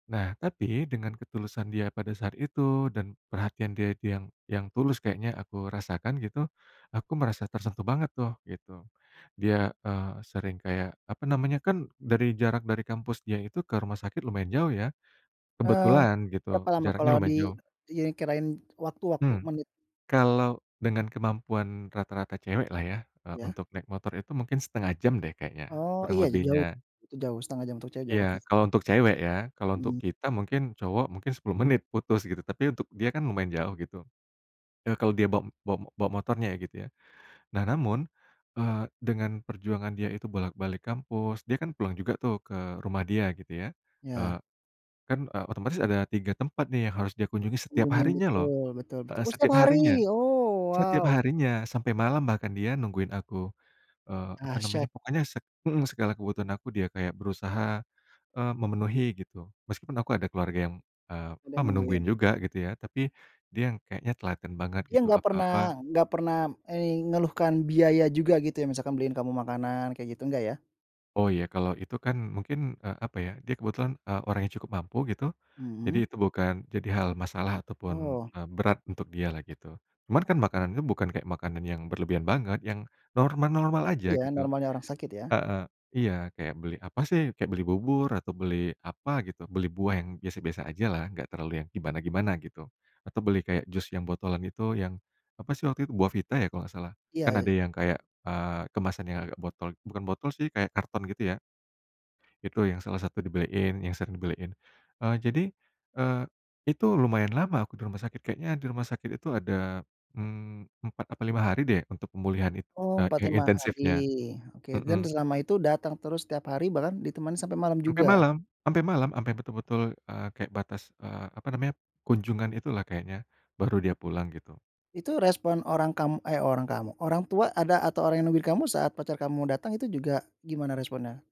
Nah, tapi, dengan ketulusan dia pada saat itu, dan perhatian dia dia yang yang tulus kayaknya aku rasakan gitu, aku merasa tersentuh banget tuh, gitu. Dia, eee, sering kayak, apa namanya, kan dari jarak dari kampus dia itu ke rumah sakit lumayan jauh, ya. Eee, Kebetulan, gitu, berapa lama jaraknya kalau di lumayan jauh. dikirain waktu waktu Hmm, menit? kalau dengan kemampuan rata-rata cewek lah ya, eee, Iya. untuk naik motor itu mungkin 1/2 jam deh kayaknya, Oh, kurang iya, jauh. lebihnya. Itu jauh, 1/2 jam untuk cewek jauh, oke. Iya, kalau untuk cewek, ya. Kalau untuk Mhm. kita mungkin, cowok, mungkin 10 menit putus, gitu, tapi untuk dia kan lumayan jauh, gitu. Eee, kalau dia ba ba bawa motornya ya, gitu, ya. Nah, namun, eee, dengan perjuangan dia itu bolak-balik kampus, dia kan pulang juga tuh ke rumah dia gitu ya, eee, Ya. kan, eee, otomatis ada 3 tempat nih yang harus dia kunjungi setiap Kunjungin, harinya loh. betul betul betul. Heeh, Oh, setiap setiap harinya. hari? Oh, Setiap wow! harinya, sampai malam bahkan dia nungguin aku, eee, apa namanya, Dahsyat. pokoknya seg mhm, segala kebutuhan aku dia kayak berusaha, eee, memenuhi, gitu. Meskipun aku ada keluarga yang, eee, Ada apa, yang nungguin. menungguin juga, gitu ya, tapi dia yang kayaknya telaten banget, Dia gitu, nggak apa-apa pernah nggak pernah ei ngeluhkan biaya juga, gitu, ya? Misalkan beliin kamu makanan, kayak gitu, enggak, ya? Oh, ya, kalau itu kan mungkin, eee, apa ya, dia kebetulan, eee, orang yang cukup mampu, gitu, jadi, Mhm. itu bukan jadi hal masalah ataupun, Oh. eee, berat untuk dia lah, gitu. Cuman kan makanan itu bukan kayak makanan yang berlebihan banget, yang normal-normal aja, Iya, gitu. normalnya orang sakit, ya. Heeh, iya. Kayak beli apa sih, kayak beli bubur, atau beli apa gitu, beli buah, yang biasa-biasa aja lah, nggak terlalu yang gimana-gimana gitu. Atau beli kayak jus yang botolan itu, yang, apa sih waktu itu, Buahvita ya kalau nggak salah, Iya kan ada iya. yang kayak, eee, kemasan yang agak botol bukan botol sih, kayak karton, gitu, ya. Itu yang salah satu dibeliin, yang sering dibeliin. Eee, jadi, eee, itu lumayan lama aku di rumah sakit. Kayaknya di rumah sakit itu ada, mmm, 4, apa 5 hari deh untuk pemulihan in Oh, empat, eee, lima hari, intensifnya, oke. Dan, mhm. selama itu datang terus setiap hari bahkan ditemani sampai malam Sampai juga? malam sampai malam, sampai betul-betul, eee, kayak batas, eee, apa namanya, kunjungan itulah kayaknya, baru dia pulang, gitu. Itu respon orang kam eh, orang kamu, orang tua, ada atau orang yang nungguin kamu saat pacar kamu datang itu juga gimana responnya?